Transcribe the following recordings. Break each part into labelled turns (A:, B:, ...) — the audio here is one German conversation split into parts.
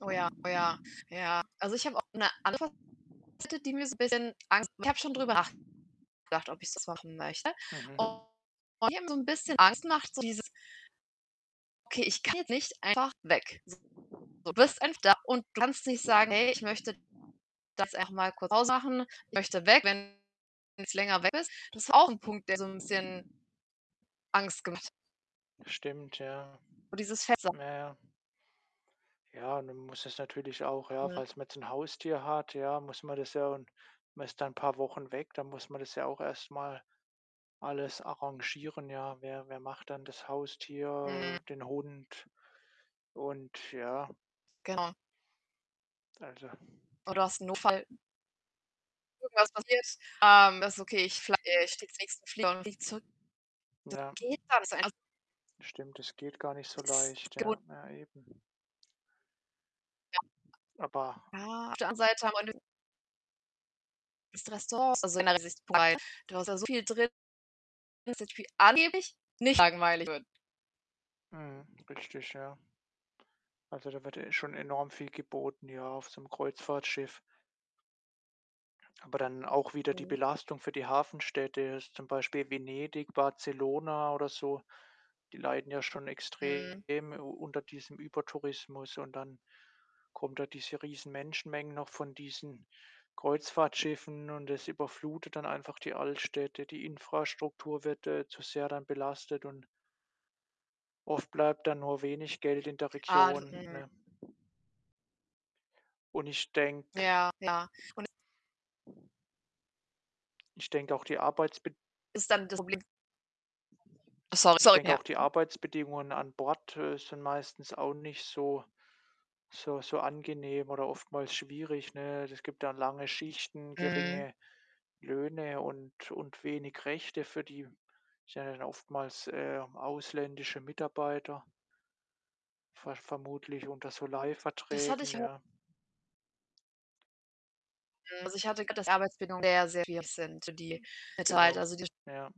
A: Oh, ja, oh ja, ja. Also, ich habe auch 'ne [unintelligible] die mir so 'n bisschen Angst macht. Ich habe schon drüber nachgedacht, ob ich's jetzt machen möchte.
B: Mhm.
A: Und die haben so 'n bisschen Angst gemacht, so dieses okay, ich gehe nicht einfach weg. So, du bist [unintelligible] da und kannst nicht sagen: „Hey, ich möchte das einfach mal kurz [unintelligible] machen.“ Ich möchte weg, wenn's länger weg ist. Das ist auch 'n Punkt, der so 'n bisschen Angst gemacht
B: Stimmt, ja.
A: und dieses [unintelligible]
B: Ja, ja. Ja, und dann muss es natürlich auch ja,
A: Mhm.
B: falls man jetzt 'n Haustier hat, ja, muss man das ja und man ist da paar Wochen weg, dann muss man das ja auch erst mal alles arrangieren, ja. Wer wer macht dann das
A: Mhm.
B: Haustier, den Hund und ja.
A: Genau.
B: Also
A: Oder hast 'n Notfall. Irgendwas passiert, ähm, das ist okay, ich fl äh, ich steige in nächsten Flieger und fliege zurück. Das
B: Ja.
A: geht gar nicht so [unintelligible]
B: Stimmt, es geht gar nicht so leicht.
A: [unintelligible]
B: Ja, ja eben.
A: Ja.
B: Aber
A: Ah. Auf der anderen Seite [unintelligible] [unintelligible] Restaurants, also [unintelligible] du hast da soviel drin [unintelligible] angeblich nicht langweilig wird.
B: Mhm, richtig, ja. Also, da wird ja eh schon enorm viel geboten, ja, auf so 'nem Kreuzfahrtschiff. Aber dann auch wieder die
A: Mhm.
B: Belastung für die Hafenstädte, jetzt zum Beispiel Venedig, Barcelona oder so, die leiden ja schon
A: Mhm.
B: extrem u unter diesem Übertourismus und dann kommen da diese riesen Menschenmengen noch von diesen Kreuzfahrtschiffen und das überflutet dann einfach die Altstädte. Die Infrastruktur wird, äh, zu sehr dann belastet und oft bleibt dann nur wenig Geld in der
A: Ah.
B: Region,
A: [unintelligible]
B: ne? Und ich denke
A: Ja, klar, und es
B: ich denke auch die Arbeitsbed
A: ist dann das Problem so
B: ich
A: sorry,
B: denke
A: ja.
B: auch die Arbeitsbedingungen an Bord, äh, sind meistens auch nicht so so so angenehm oder oftmals schwierig, ne? Es gibt dann lange Schichten,
A: Mhm.
B: geringe Löhne und und wenig Rechte für die sind ja dann oftmals, äh, ausländische Mitarbeiter ver vermutlich unter so
A: Das hatte
B: Leihverträgen,
A: ich au
B: ja.
A: Mhm, also, ich hatte [unintelligible] dass die Arbeitsbindungen sehr, sehr schwierig sind, so die
B: Genau,
A: [unintelligible] also, die
B: ja.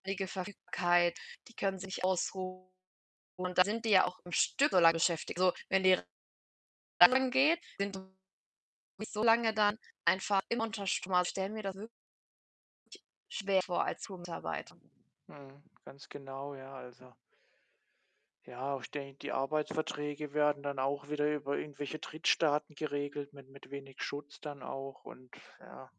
A: ständige Verfügbarkeit, die können sich ausruhen und dann sind die ja auch am Stück solange beschäftigt. So, wenn die [unintelligible] geht, [unintelligible] nicht so lange dann einfach immer unter Strom. Also, ich stelle mir das wirklich schwer vor als Crew-Mitarbeiter.
B: Mhm, ganz genau. Ja, also ja, ich denke, die Arbeitsverträge werden dann auch wieder über irgendwelche Drittstaaten geregelt mit mit wenig Schutz dann auch und ja.